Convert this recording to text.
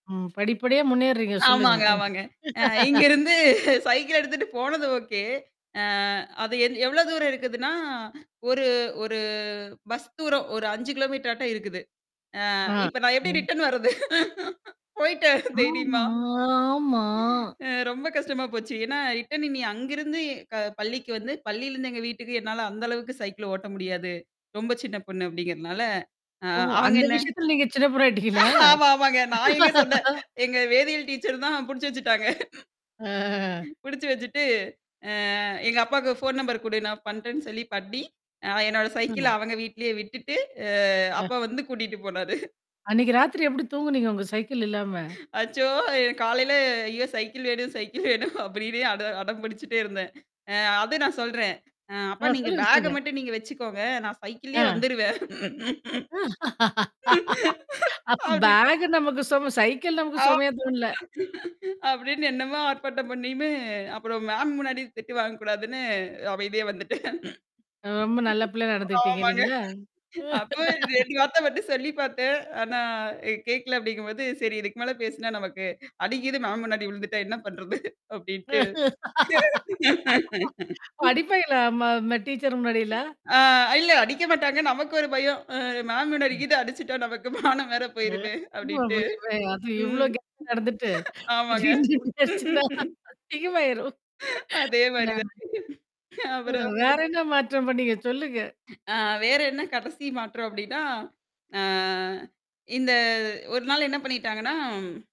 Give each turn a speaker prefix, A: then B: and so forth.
A: ம். படிப்படியா முன்னேர்றீங்க. சொல்லுங்க.
B: ஆமாங்க,
A: ம்.
B: ஆமாங்க. அ இங்கருந்து சைக்கிள் எடுத்துட்டு போனது ஓகே. அ அது எ எவ்ளோ தூரம் இருக்குதுன்னா, ஒரு ஒரு பஸ் தூரம் ஒரு 5 கிலோமீட்டர் ஆட்டோ இருக்குது. அ
A: ஆ.
B: இப்ப நான் எப்பிடி
A: ம்.
B: ரிட்டர்ன் வர்றது? போயிட்டேன்
A: ஆமா,
B: தைரியமா?
A: ஆமா.
B: அ ரொம்ப கஷ்டமா போச்சு. ஏன்னா ரிட்டர்ன் நீ அங்கிருந்து க பள்ளிக்கு வந்து பள்ளியிலருந்து எங்க வீட்டுக்கு என்னால அந்த அளவுக்கு சைக்கிள் ஓட்ட முடியாது. ரொம்ப சின்ன பொண்ணு அப்படிங்கிறதுனால. அ
A: ஓ!
B: அவங்க
A: அந்த
B: என்ன?
A: விஷயத்துல நீங்க சின்ன [unintelligible] ஆயிட்டீங்களங்களா?
B: ஆமா. ஆமாங்க. நான் எங்க சொன்னேன். எங்க வேதியியல் டீச்சர் தான் புடிச்சு வச்சுட்டாங்க.
A: ஆ
B: புடிச்சு வச்சுட்டு, அ எங்க அப்பாவுக்கு ஃபோன் நம்பர் குடு, நான் பண்றேன்னு சொல்லி பண்ணி, அ என்னோட சைக்கிள
A: [unintelligible]
B: அவங்க வீட்லயே விட்டுட்டு, அ
A: அ.
B: அப்பா வந்து கூட்டிட்டு போனாரு.
A: அன்னைக்கு ராத்திரி எப்பிடி தூங்குனீங்க? உங்க சைக்கிள் இல்லாம?
B: அச்சோ! என் காலையில ஐயோ! சைக்கிள் வேணும், சைக்கிள் வேணும் அப்பிடினு அட அடம் பிடிச்சுட்டே இருந்தேன். அ அது நான் சொல்றேன். அ அப்ப
A: ஆ.
B: நீங்க
A: சொல்லுங்க,
B: பேக்க
A: சொல்லுங்க.
B: மட்டும் நீங்க வச்சுக்கோங்க. நான் சைக்கிள்ளேயே
A: ஆ.
B: வந்துருவேன்
A: அ அப்ப
B: அப்டின்னு.
A: பேக் நமக்கு சும சைக்கிள் நமக்கு
B: ஆமா.
A: சுமையா தோண்ல?
B: அப்பிடின்னு என்னமா ஆர்ப்பாட்டம் பண்ணியுமே, அப்புறம் மேம் முன்னாடி திட்டு வாங்கக்கூடாதுன்னு அமைதியா வந்துட்டேன்
A: ரொம்ப நல்ல பிள்ளையா நடந்துக்கிட்டீங்க
B: ஆமாங்க.
A: இல்லேங்களா!
B: அப்போ 2 வார்த்த மட்டும் சொல்லி பார்த்தேன். ஆனா அ கேட்கல அப்பிடிங்கம்போது, சரி இதுக்கு மேல பேசினா நமக்கு அடிகிது மேம் முன்னாடி விழுந்துட்டா என்ன பண்றது அப்பிடின்ட்டு
A: படிப்பயில நம்ம, நம்ம டீச்சரு முன்னாடிலாம்!
B: ஆ இல்ல அடிக்க மாட்டாங்க. நமக்கு ஒரு பயம். அ மேம்
A: ம்.
B: முன்னாடிகீது அடிச்சுட்டா, நமக்கு மானம் வேற
A: அ
B: போயிருமே! அப்பிடின்ட்டு.
A: [unintelligible] அது இவ்ளோ
B: ம்
A: [unintelligible] நடந்துட்டு திடீர்னு
B: ஆமாங்க
A: [unintelligible] அதிகமாயிரும். ஆ.
B: அதேமாரி தான்.
A: அ
B: அப்புறம்.
A: வேற என்ன மாற்றம் பண்ணீங்க? சொல்லுங்க.
B: அ வேற என்ன கடைசி மாற்றம் அப்பிடின்னா. ஆ. இந்த ஒரு நாள் என்ன பண்ணிட்டாங்கன்னா